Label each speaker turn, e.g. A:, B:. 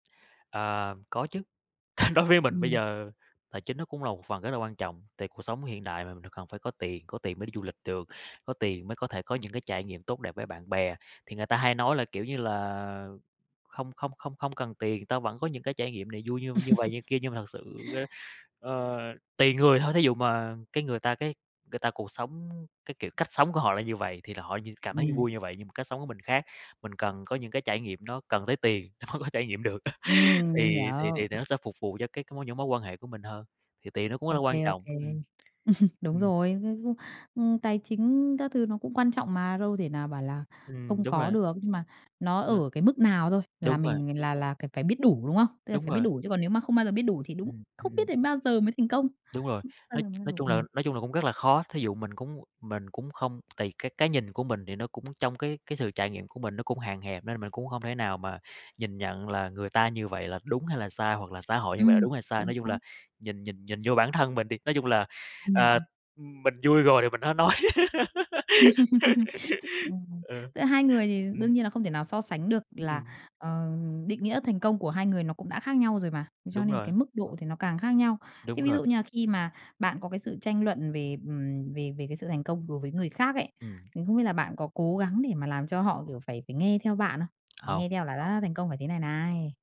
A: Ờ, có chứ, đối với mình bây
B: Ừm.
A: giờ tài chính nó cũng là một phần rất là quan trọng, tại cuộc sống hiện đại mà mình cần phải có tiền, có tiền mới đi du lịch được, có tiền mới có thể có những cái trải nghiệm tốt đẹp với bạn bè. Thì người ta hay nói là, kiểu như là, không không không không cần tiền, tao vẫn có những cái trải nghiệm này vui như như vậy như kia. Nhưng mà thật sự á, ơ, tùy người thôi, thí dụ mà cái người ta cái người ta cuộc sống, cái kiểu cách sống của họ là như vầy thì là họ như cảm thấy
B: Ừm.
A: vui như vậy, nhưng mà cách sống của mình khác, mình cần có những cái trải nghiệm nó cần tới tiền nó mới trải nghiệm được.
B: Ừm, mình
A: Thì thì
B: hiểu.
A: thì nó sẽ phục vụ cho cái những mối quan hệ của mình hơn, thì tiền nó cũng là
B: Ô
A: quan
B: kê, ô
A: trọng,
B: kê.
A: ừm.
B: Đúng
A: Ừm.
B: rồi, ư, ư, ư, tài chính các thứ nó cũng quan trọng mà, đâu thể nào bảo là
A: Ừm,
B: không
A: đúng
B: có
A: rồi.
B: được, nhưng mà nó
A: Rồi.
B: ở cái mức nào thôi là
A: Đúng rồi.
B: mình là là cần phải biết đủ, đúng không? Tức là
A: Đúng
B: phải biết
A: rồi.
B: đủ chứ còn nếu mà không bao giờ biết đủ thì đúng
A: Ừm, ừm,
B: không biết
A: ừm.
B: đến bao giờ mới thành công,
A: Đúng rồi,
B: bao
A: nói
B: giờ mới là
A: nói
B: đủ.
A: chung là,
B: Ừm.
A: nói chung là, cũng rất là khó. Thí dụ mình cũng mình cũng không tùy cái cái nhìn của mình thì nó cũng trong cái cái sự trải nghiệm của mình nó cũng hạn hẹp nên mình cũng hông thể nào mà nhìn nhận là người ta như vậy là đúng hay là sai hoặc là xã hội như vậy là
B: Ừm,
A: đúng hay sai.
B: chính
A: Nói chung là,
B: xác.
A: nhìn nhìn nhìn vô bản thân mình đi, nói chung là,
B: Ừm,
A: ờ,
B: ừm.
A: mình vui rồi thì mình hả nói.
B: Ừm.
A: Ừ.
B: Giữa hai người thì
A: Ừm.
B: đương nhiên là không thể nào so sánh được
A: Ư,
B: là,
A: ừm.
B: ờ, định nghĩa thành công của hai người nó cũng đã khác nhau rồi mà. Thế cho
A: Đúng
B: nên
A: rồi.
B: cái mức độ thì nó càng khác nhau.
A: Đúng
B: Thế ví
A: rồi.
B: dụ như là khi mà bạn có cái sự tranh luận về, ừm, về về cái sự thành công đối với người khác ấy,
A: Ừm.
B: thì không biết là bạn có cố gắng để mà làm cho họ, kiểu, phải phải nghe theo bạn không?
A: Hông.
B: Nghe theo là đã thành công phải thế này này.